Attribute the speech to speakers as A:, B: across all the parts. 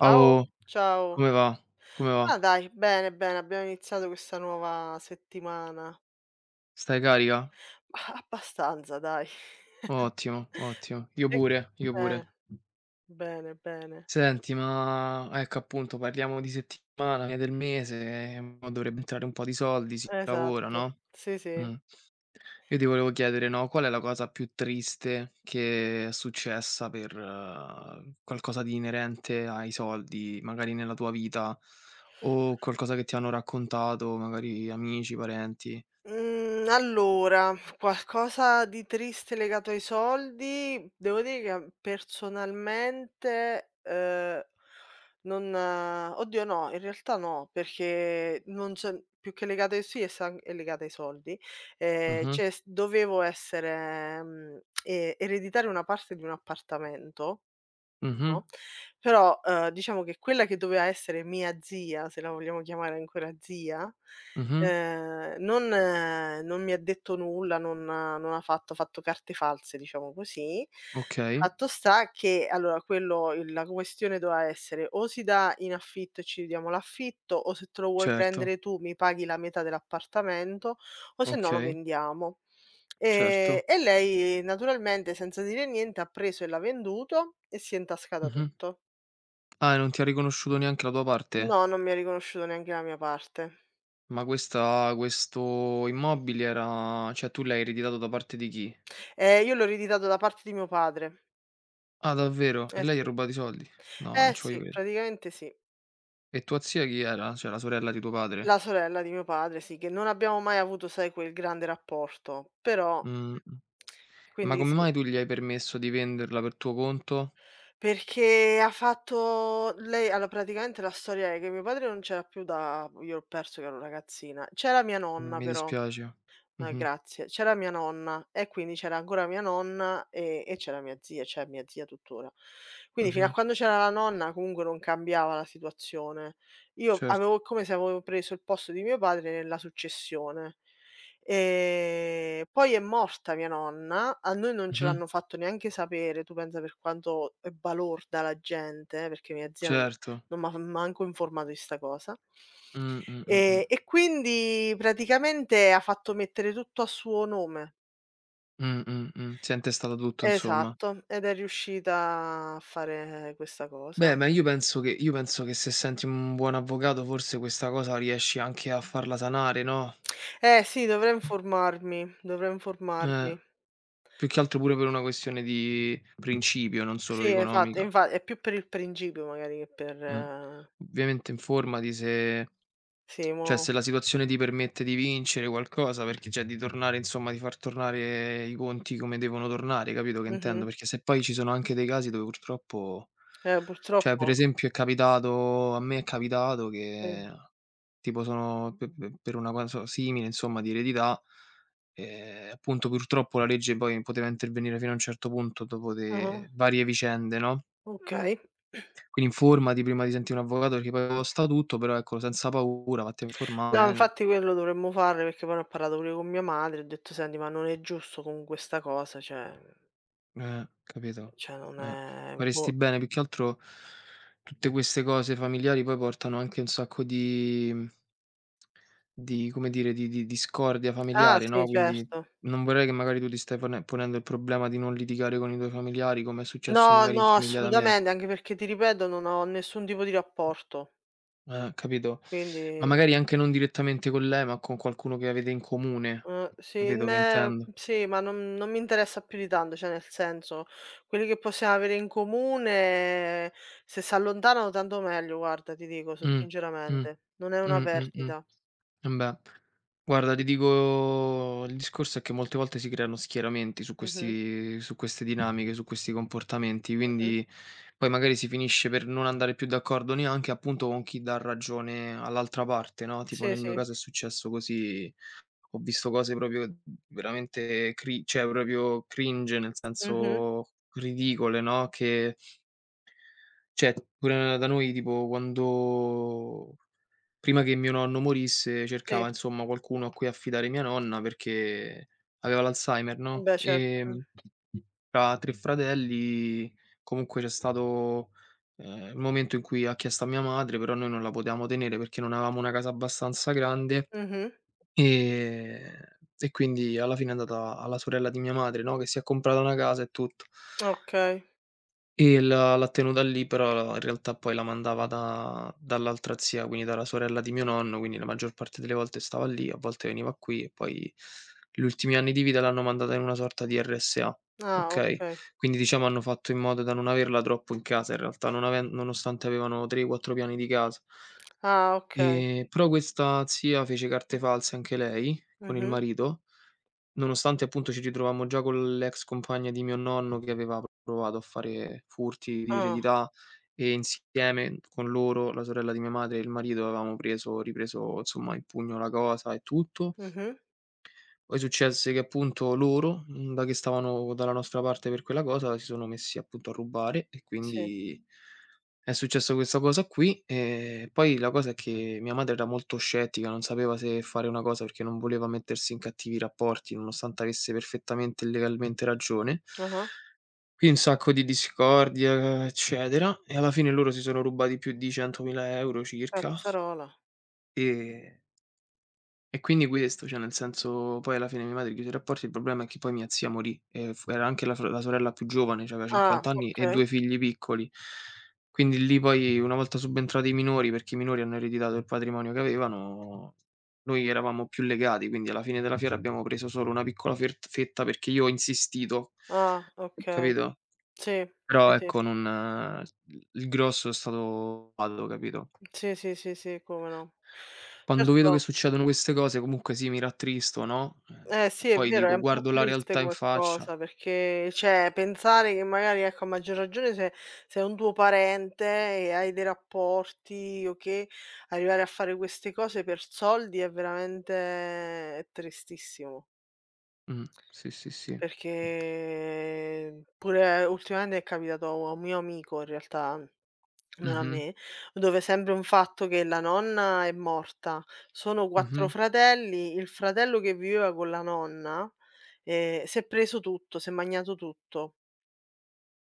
A: Ciao. Ciao.
B: Come va come
A: Ah,
B: va?
A: dai, bene, bene, abbiamo iniziato questa nuova settimana.
B: Stai carica?
A: Abbastanza, dai.
B: Ottimo, ottimo. Io
A: Sì
B: pure, io
A: eh.
B: pure.
A: Bene, bene.
B: Senti, ma ecco, appunto, parliamo di settimana che del mese e mo' dovrebbe entrare un po' di soldi, si lavora,
A: Esatto,
B: no,
A: sì, sì.
B: mhmm. Io ti volevo chiedere, no, qual è la cosa più triste che è successa per qualcosa di inerente ai soldi, magari nella tua vita, o qualcosa che ti hanno raccontato, magari amici, parenti?
A: Mhmm, allora, qualcosa di triste legato ai soldi, devo dire che personalmente, eh, non oddio, no, in realtà no, perché non c'è più che legata ai si e sa è legata ai soldi. Ehm,
B: Mh-mh.
A: cioè, s dovevo essere e ereditare una parte di un appartamento,
B: Mh-mh.
A: no, però, ehm, diciamo che quella che doveva essere mia zia, se la vogliamo chiamare ancora zia,
B: Mh-mh.
A: uhm, non non mi ha detto nulla, non non ha non ha fatto ha fatto carte false, diciamo così.
B: Okay.
A: Fatto sta che allora quello il la questione doveva essere: o si dà in affitto e ci dividiamo l'affitto, o se te lo vuoi
B: Certo.
A: prendere tu mi paghi la metà dell'appartamento, o sennò lo
B: Okay.
A: vendiamo.
B: Certo.
A: E e lei naturalmente, senza dire niente, ha preso e l'ha venduto e si è intascata
B: Mh-mh.
A: tutto.
B: Ah, e non ti ha riconosciuto neanche la tua parte?
A: No, non mi ha riconosciuto neanche la mia parte.
B: Ma questa questo immobile era, cioè, tu l'hai ereditato da parte di chi?
A: Ehm, io l'ho ereditato da parte di mio padre.
B: Ah, davvero? E
A: Eh
B: lei ha
A: sì.
B: rubato i soldi? No, non
A: Eh
B: ci voglio
A: sì,
B: crede
A: praticamente sì.
B: E tua zia chi era? Cioè, la sorella di tuo padre?
A: La sorella di mio padre, sì, che non abbiamo mai avuto sai, quel grande rapporto, però
B: Mh-mh. Ma
A: quindi
B: come
A: sì.
B: mai tu gli hai permesso di venderla per tuo conto?
A: Perché ha fatto lei allo praticamente, la storia è che mio padre non c'era più da b io l'ho perso che ero ragazzina. C'era mia
B: M
A: nonna,
B: mi
A: però
B: dispiace.
A: ma
B: Mh-mh.
A: grazie. C'era mia nonna e quindi c'era ancora mia nonna e e c'era mia zia, c'è mia zia tuttora. Quindi fino a
B: Mh-mh.
A: quando c'era la nonna comunque non cambiava la situazione. Io
B: Cert
A: avevo come se avo preso il posto di mio padre nella successione. Ehm, poi è morta mia nonna, a noi non ce
B: Mh-mh.
A: l'hanno fatto neanche sapere, tu pensa per quanto è balorda la gente, perché mia zia non
B: Certo.
A: non m'ha manco informato di 'sta cosa.
B: Mh, mh, mh,
A: Ehm,
B: mh.
A: e quindi praticamente ha fatto mettere tutto a suo nome.
B: Mh, mh, mh. Si è intestata tutto, insomma.
A: Esatto. Ed è riuscita a fare questa cosa.
B: Beh, ma io penso che io penso che se senti un buon avvocato, forse questa cosa riesci anche a farla sanare, no?
A: Eh, sì, dovrei informarmi, dovrei
B: Eh.
A: informarmi.
B: Più che altro pure per una questione di principio, non solo
A: Sì, esatto.
B: economica.
A: Infa è più per il principio, magari che per
B: Mh. Ovviamente informati se
A: Sì,
B: cioè,
A: mo
B: se la situazione ti permette di vincere qualcosa, perché cioè, di tornare insomma, di far tornare i conti come devono tornare, capito che intendo?
A: Mh-mh.
B: Perché se poi ci sono anche dei casi dove, purtroppo
A: Eh.
B: cioè, per
A: Purtroppo
B: esempio, è capitato a me è capitato
A: Sì.
B: che, tipo, sono pe pe per una cosa simile, insomma, di eredità, ehm, appunto, purtroppo la legge poi poteva intervenire fino a un certo punto dopo
A: Ah-ah.
B: le varie vicende, no?
A: Okay.
B: Quindi informati prima di sentire un avvocato perché poi costa tutto, però ecco senza paura, vatti a informare
A: No,
B: bene.
A: infatti quello dovremmo fare, perché poi ne ho parlato pure con mia madre e ho detto: "Senti, ma non è giusto comunque 'sta cosa, cioè"
B: Eh, capito.
A: Cioè non
B: Eh,
A: è boh.
B: faresti bene, più che altro tutte queste cose familiari poi portano anche un sacco di, mhmm di come dire di di discordia
A: Ah,
B: familiare,
A: sì,
B: no, quindi
A: certo.
B: non vorrei che magari tu ti stai pone ponendo il problema di non litigare con i tuoi familiari, come è successo
A: No,
B: magari in
A: no,
B: famiglia da me.
A: assolutamente. Anche perché ti ripeto, non ho nessun tipo di rapporto.
B: Eh, capito, ma
A: Quindi
B: magari anche non direttamente con lei, ma con qualcuno che avete in comune.
A: Eh, sì,
B: Capito che
A: meh
B: intendo?
A: sì, ma non non mi interessa più di tanto cioè, nel senso quelli che possiamo avere in comune se s'allontanano tanto meglio guarda, ti dico s
B: Mh. Mh.
A: sinceramente, non è una
B: Mh, mh, mh.
A: perdita.
B: Embè. Guarda, ti
A: Sì.
B: dico il discorso è che molte volte si creano schieramenti su
A: Mh-mh.
B: questi su queste dinamiche, su questi comportamenti
A: Mh-mh.
B: quindi poi magari si finisce per non andare più d'accordo neanche, appunto, con chi dà ragione all'altra parte no. Tipo
A: Sì,
B: nel mio
A: sì.
B: caso è successo così. Ho visto cose proprio v veramente cri cioè proprio cringe nel
A: Mh-mh.
B: senso ridicole, no, che cioè pure na da noi tipo quando prima che mio nonno morisse
A: Sì.
B: cercava insomma qualcuno a cui affidare mia nonna perché aveva l'Alzheimer,
A: Eh,
B: no.
A: beh, certo. Eh.
B: Ehm, tra 3 fratelli comunque c'è stato, ehm, momento in cui ha chiesto a mia madre, però noi non la potevamo tenere perché non avevamo una casa abbastanza grande,
A: Mh-mh.
B: ehm, e quindi alla fine è andata alla sorella di mia madre, no, che si è comprata una casa e tutto
A: Okay.
B: e l'ha l'ha tenuta lì, però in realtà poi la mandava da dall'altra zia, quindi dalla sorella di mio nonno quindi la maggior parte delle volte stava lì, a volte veniva qui e poi gli ultimi anni di vita l'hanno mandata in una sorta di RSA,
A: Ah,
B: okay.
A: okay.
B: Quindi diciamo hanno fatto in modo da non averla troppo in casa, in realtà, non aven nonostante avevano 3, 4 piani di casa
A: Ah, okay.
B: ehm, però questa zia fece carte false anche lei con il
A: Mh-mh.
B: marito, nonostante appunto ci ritrovammo già con l'ex compagna di mio nonno che aveva p provato a fare furti di
A: Ah.
B: eredità, e insieme con loro, la sorella di mia madre e il marito avevamo preso ripreso insomma in pugno la cosa e tutto.
A: Mh-mh.
B: Poi successe che appunto loro, mhmm, da che stavano dalla nostra parte per quella cosa, si sono messi appunto a rubare e
A: Sì.
B: quindi, è successa questa cosa qui. Ehm, poi la cosa è che mia madre era molto scettica, non sapeva se fare una cosa perché non voleva mettersi in cattivi rapporti, nonostante avesse perfettamente e legalmente ragione
A: Ah-ah.
B: qui un sacco di discordia eccetera, e alla fine loro si sono rubati più di 100.000 € circa
A: Cazzarola.
B: ehm e quindi questo, cioè nel senso poi alla fine mia madre chiuse i rapporti il problema è che poi mia zia morì e fu era anche la sore la sorella più giovane, c'aveva
A: Ah,
B: 50 anni e
A: okay.
B: 2 figli piccoli. Quindi lì poi, una volta subentrati i minori, perché i minori hanno ereditato il patrimonio che avevano, noi eravamo più legati, quindi alla fine della fiera abbiamo preso solo una piccola fert fetta perché io ho insistito,
A: Ah, okay.
B: capito.
A: Sì,
B: Però,
A: sì, sì.
B: ecco, non il il grosso è stato [unintelligible] capito.
A: Sì, sì, sì, sì, come no.
B: Quando vedo che
A: Certo
B: succedono queste cose, comunque sì, mi rattristo, no.
A: Eh
B: E
A: sì, è
B: poi
A: vero, è
B: dico
A: un po'
B: guardo la
A: triste
B: realtà in
A: come
B: faccia.
A: cosa perché cioè pensare che magari ecco, a maggior ragione se se è un tuo parente e hai dei rapporti o che, arrivare a fare queste cose per soldi è veramente è tristissimo.
B: Mh, sì, sì, sì.
A: Perché pure ultimamente è capitato a u a un mio amico in realtà non a
B: Mh-mh.
A: me, dove sempre un fatto che la nonna è morta, sono 4
B: Mh-mh.
A: fratelli, il fratello che viveva con la nonna, ehm, si è preso tutto, s'è magnato tutto.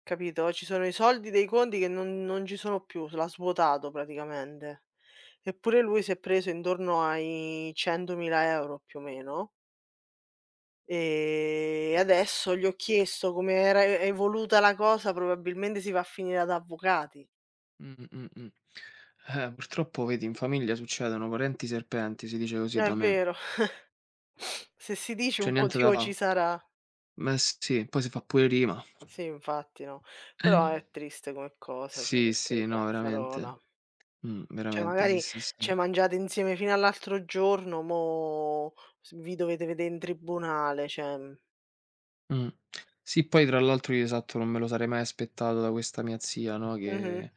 A: Capito? Ci sono i soldi dei conti che non non ci sono più, l'ha svuotato praticamente. Eppure lui si è preso intorno ai 100.000 € più o meno. Ehm, adesso gli ho chiesto come era e evoluta la cosa, probabilmente si va a finire ad avvocati.
B: Mh, mh, mh. Eh, purtroppo, vedi, in famiglia succedono, parenti serpenti, si dice così
A: È
B: da me.
A: vero. Se si dice un
B: C'è niente da
A: motivo ci
B: fa.
A: sarà.
B: Me sì, poi se fa pure rima.
A: Sì, infatti no, però è triste come cosa, cioè
B: Sì,
A: perché
B: sì, no,
A: cazzarola.
B: veramente. Mh,
A: Cioè
B: veramente sì,
A: magari
B: sì,
A: ci hai
B: sì.
A: mangiat insieme fino all'altro giorno, mo s vi dovete vedé in tribunale cioè, mh.
B: Mh. Sì, poi tra l'altro io, esatto, non me lo sarei mai aspettato da questa mia zia no,
A: Mh-mh.
B: che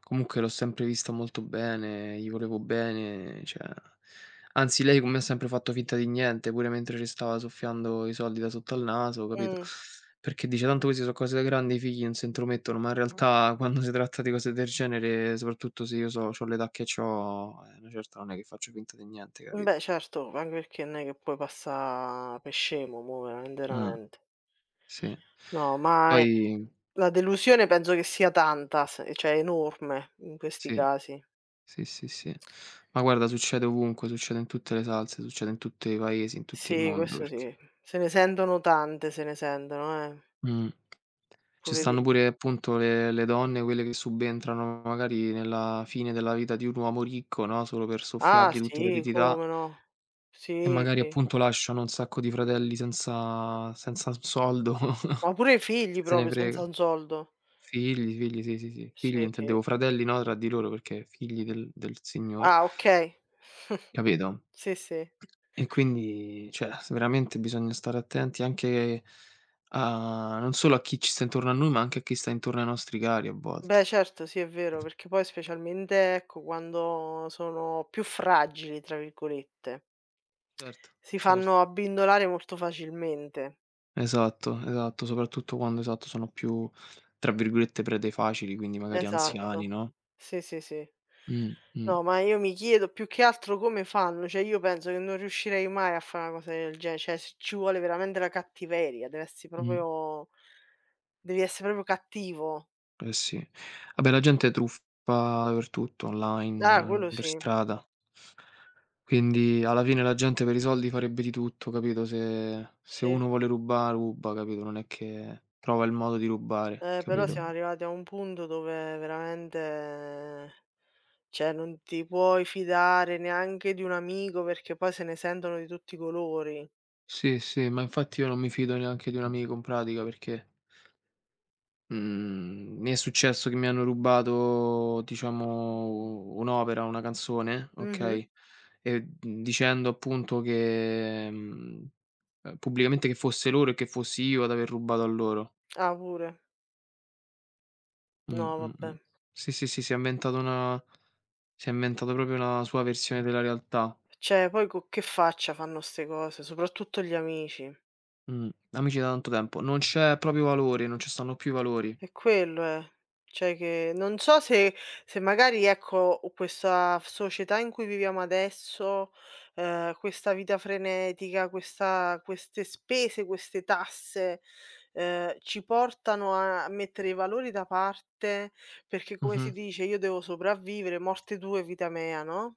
B: comunque l'ho sempre vista molto bene, gli volevo bene, cioè, anzi, lei con me ha sempre fatto finta di niente, pure mentre ce stava soffiando i soldi da sotto al naso, capito?
A: Mh.
B: Perché dice tanto queste so cose da grandi, i figli non se intromettono, ma in realtà quando se tratta di cose del genere, soprattutto se io so c'ho l'età che c'ho, eh a una certa, non è che faccio finta di niente,
A: Mh, beh,
B: capito?
A: certo, anche perché n è che puoi passà pe scemo, mo, veramente,
B: Mh.
A: verament
B: Sì.
A: No, ma ehm,
B: Poi
A: la delusione penso che sia tanta s ehm, cioè enorme, in questi
B: Sì.
A: casi.
B: Sì, sì, sì. Ma guarda, succede ovunque. Succede in tutte le salse. Succede in tutte i paesi, in tutti il
A: Sì,
B: mondo,
A: questo
B: perch
A: sì, se ne sentono tante, se ne sentono, eh.
B: Mh. Ce
A: Pure di
B: stanno pure appunto le le donne, quelle che subentrano magari nella fine della vita di un uomo ricco, no, solo per
A: Ah,
B: soffiargli tutta
A: sì,
B: l'eredità.
A: come no.
B: E
A: Sì,
B: magari,
A: sì.
B: appunto, lasciano un sacco di fratelli senza senza un soldo,
A: Ma pure i figli
B: se ne
A: proprio
B: frega.
A: senza un soldo.
B: Figli, figli, sì, sì, sì, figli,
A: Sì, sì.
B: intendevo fratelli no, tra di loro, perché figli del del signore.
A: Ah, okay.
B: Capito?
A: Sì, sì.
B: E quindi cioè, s veramente bisogna stare attenti anche, a non solo a chi ci sta intorno a noi, ma anche a chi sta intorno ai nostri cari a volte.
A: Beh, certo, sì, è vero. Perché poi, specialmente, ecco, quando sono più "fragili", tra virgolette.
B: Certo,
A: Si
B: cert
A: fanno abbindolare molto facilmente.
B: Esatto, esatto, soprattutto quando, esatto, sono più tra virgolette "prede facili", quindi magari anziani,
A: Esatto,
B: no?
A: sì sì sì.
B: Mh, mh.
A: No, ma io mi chiedo più che altro come fanno, cioè io penso che non riuscirei mai a fa una cosa del gene cioè c ci vuole veramente la cattiveria, deve essere
B: Mh.
A: proprio devi essere proprio cattivo.
B: Eh sì, vabbè la gente truffa dappertutto
A: Ah,
B: online,
A: quello
B: per
A: sì.
B: strada. Quindi, alla fine la gente per i soldi farebbe di tutto capito, se se
A: Sì.
B: uno vuole ruba, ruba, capito, non è che trova il modo di rubare,
A: Eh, però
B: capito?
A: siamo arrivati a un punto dove veramente, cioè non ti puoi fidare neanche di un amico perché poi se ne sentono di tutti i colori.
B: Sì, sì, ma infatti io non mi fido neanche di un amico in pratica perché mhmm, mi è successo che mi hanno rubato diciamo un'opera, una canzone,
A: Mh-mh.
B: okay, ehm, dicendo appunto che, mhmm, uhm, pubblicamente che fosse loro e che fossi io ad aver rubato a loro.
A: Ah, pure.
B: Mh,
A: No,
B: mh,
A: vabbè.
B: mh, sì, sì, sì, si è inventato una si è inventato proprio la sua versione della realtà.
A: Cioè, poi con che faccia fanno ste cose, soprattutto gli amici.
B: Mh, amici da tanto tempo, non c'è proprio valore, non ci stanno più i valori.
A: È quello è, cioè che non so se se magari ecco questa f società in cui viviamo adesso ehm, questa vita frenetica, questa queste spese, queste tasse, ehm, ci portano a mettere i valori da parte perché, come si
B: Mh-mh.
A: dice: "Io devo sopravvivere morte tue vita mea no?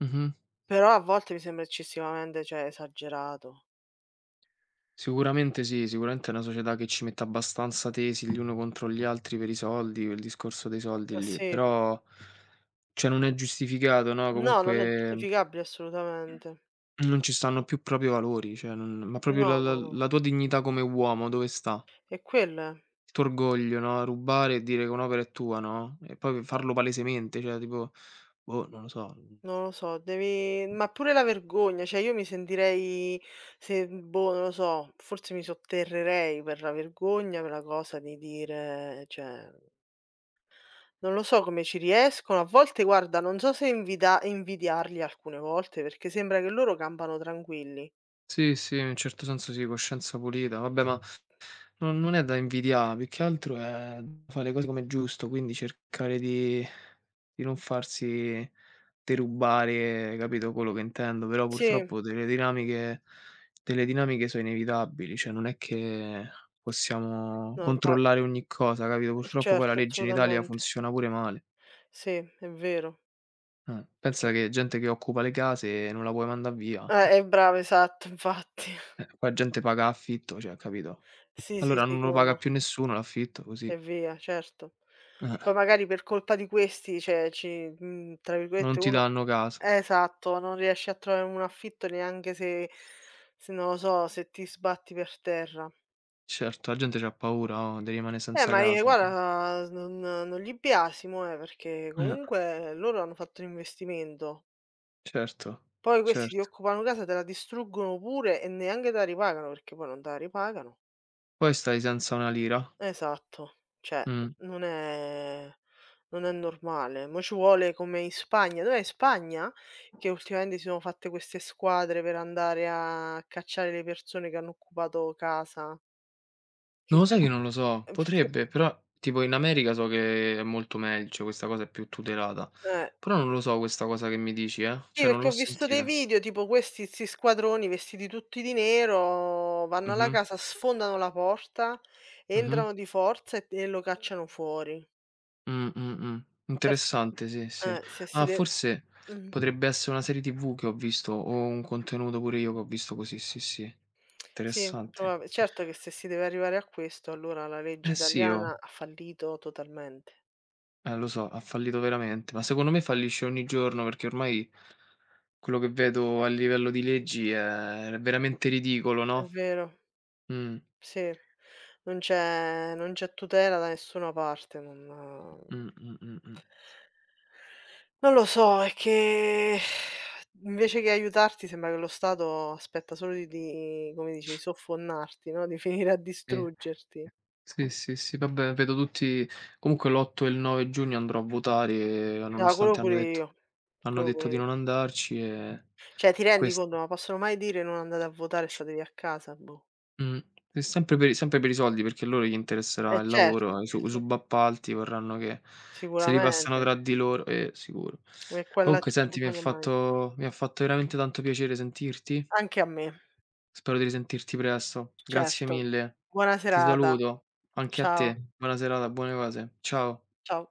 B: Mh-mh.
A: Però a volte mi sembra eccessivamente, cioè, esagerato.
B: Sicuramente sì, sicuramente è una società che ci mette abbastanza tesi gli uni contro gli altri per i soldi, il discorso dei
A: Ah,
B: soldi lì,
A: sì.
B: però, cioè non è giustificato no,
A: No, non è
B: comunque
A: giustificabile assolutamente.
B: non ci stanno più proprio i valori, cioè non, ma proprio la
A: No
B: la
A: no no.
B: la tua dignità come uomo, dove sta?
A: E quell'è.
B: Il tuo orgoglio no, rubare e dire che un'opera è tua, no, e poi farlo palesemente cioè tipo, boh, non lo so, mhmm
A: Non lo so, devi ma pure la vergogna cioè io mi sentirei se boh non lo so, forse mi sotterrerei per la vergogna per la cosa di dire cioè Non lo so come ci riescono a volte guarda non so se invida invidiarli alcune volte, perché sembra che loro campano tranquilli.
B: Sì sì, in un certo senso sì, coscienza pulita. Vabbè, ma non non è da invidiare, più che altro è fa le cose com'è giusto, quindi cercare di di non farsi derubare, capito, quello che intendo. Però
A: Sì.
B: purtroppo delle dinamiche delle dinamiche so inevitabili, cioè non è che possiamo
A: No, infa
B: controllare ogni cosa, capito.
A: Eh
B: Purtroppo poi la
A: certo,
B: legge in Italia
A: assolutamente.
B: funziona pure male.
A: Sì, è vero.
B: Eh, pensa
A: Che
B: che gente che occupa le case non la puoi mandare via,
A: Eh
B: eh.
A: eh bravo esatto, infatti.
B: Eh, qua gente paga a affitto, cioè capito.
A: Sì sì
B: Allora non
A: sì,
B: lo
A: come
B: paga
A: no.
B: più nessuno l'affitto, così.
A: E via, certo.
B: Eh
A: Poi
B: eh.
A: magari per colpa di questi, cioè ci, mhmm, tra virgolette
B: Non ti
A: uno
B: danno casa.
A: esatto, non riesci a trovare un affitto neanche se se non lo so, se ti sbatti per terra.
B: Certo, a gente c'ha paura o di rimane
A: Eh,
B: senza
A: ma e
B: casa, eh.
A: guarda non non li biasimo, eh, perché
B: Eh.
A: comunque loro hanno fatto un investimento.
B: Certo,
A: Poi questi ti
B: certo.
A: occupano casa, te la distruggono pure e neanche te la ripagano, perché poi non te la ripagano.
B: Poi stai senza una lira.
A: Esatto, cioè
B: Mh.
A: non è non è normale, mo ci vuole come in Spagna dov'è in Spagna? Che ultimamente si sono fatte queste squadre per andare a cacciare le persone che hanno occupato casa?
B: Ma lo sai che non lo so,
A: [unintelligible]
B: potrebbe, però tipo in America so che è molto megl cioè questa cosa è più tutelata.
A: Eh.
B: Però non lo so questa cosa che mi dici, eh,
A: Sì,
B: cioè non
A: perché
B: l'ho
A: ho visto dei
B: sentita.
A: video tipo questi 'sti squadroni vestiti tutti di nero, vanno alla
B: Mh-mh.
A: casa, sfondano la porta,
B: Mh-mh.
A: entrano di forza e e lo cacciano fuori.
B: Mh, mh, mh.
A: Cer
B: Interessante, sì, sì.
A: eh, se si
B: Ah,
A: de
B: forse
A: mh.
B: potrebbe essere una serie TV che ho visto o un contenuto pure io che ho visto così, sì, sì.
A: Sì,
B: Interessante.
A: probab certo che se si deve arrivare a questo, allora la legge
B: Eh, sì,
A: italiana
B: oh.
A: ha fallito totalmente.
B: Eh, lo so, ha fallito veramente, ma secondo me fallisce ogni giorno, perché ormai quello che vedo a livello di leggi è è veramente ridicolo,
A: È
B: no?
A: vero.
B: Mh.
A: Sì, non c'è non c'è tutela da nessuna parte, non
B: Mh, mh, mh, mh.
A: non lo so, è che invece che aiutarti sembra che lo Stato aspetta solo di come dice, di soffonnarti no, di venire a
B: Sì.
A: distruggerti.
B: Sì, sì, sì, vabbè, vedo tutti comunque l'8 e il 9 giugno andrò a votare e
A: No, quello
B: nonostante hanno
A: pure
B: detto
A: io.
B: hanno
A: Quello
B: detto
A: pure
B: di
A: io.
B: non andarci ehm,
A: Cioè, ti
B: e
A: rendi
B: questo
A: conto, ma possono mai dire: "Non andate a votare e statevi a casa"? Boh.
B: Mh. È sempre per i sempre per i soldi, perché a loro gli interesserà
A: E
B: il
A: certo.
B: lavoro, i su i
A: [unintelligible]
B: subappalti vorranno che se li passano
A: Sicuramente.
B: tra di loro. Eh, sicuro.
A: Eh, qua là è
B: Comunque
A: tutto un
B: senti mi ha
A: magna-magna.
B: fatto mi ha fatto veramente tanto piacere sentirti.
A: Anche a me.
B: Spero di risentirti presto,
A: C
B: grazie
A: certo.
B: mille.
A: Buona
B: Ti
A: serata.
B: saluto. Anche a
A: Ciao.
B: te. Buona serata, buone cose, ciao.
A: Ciao.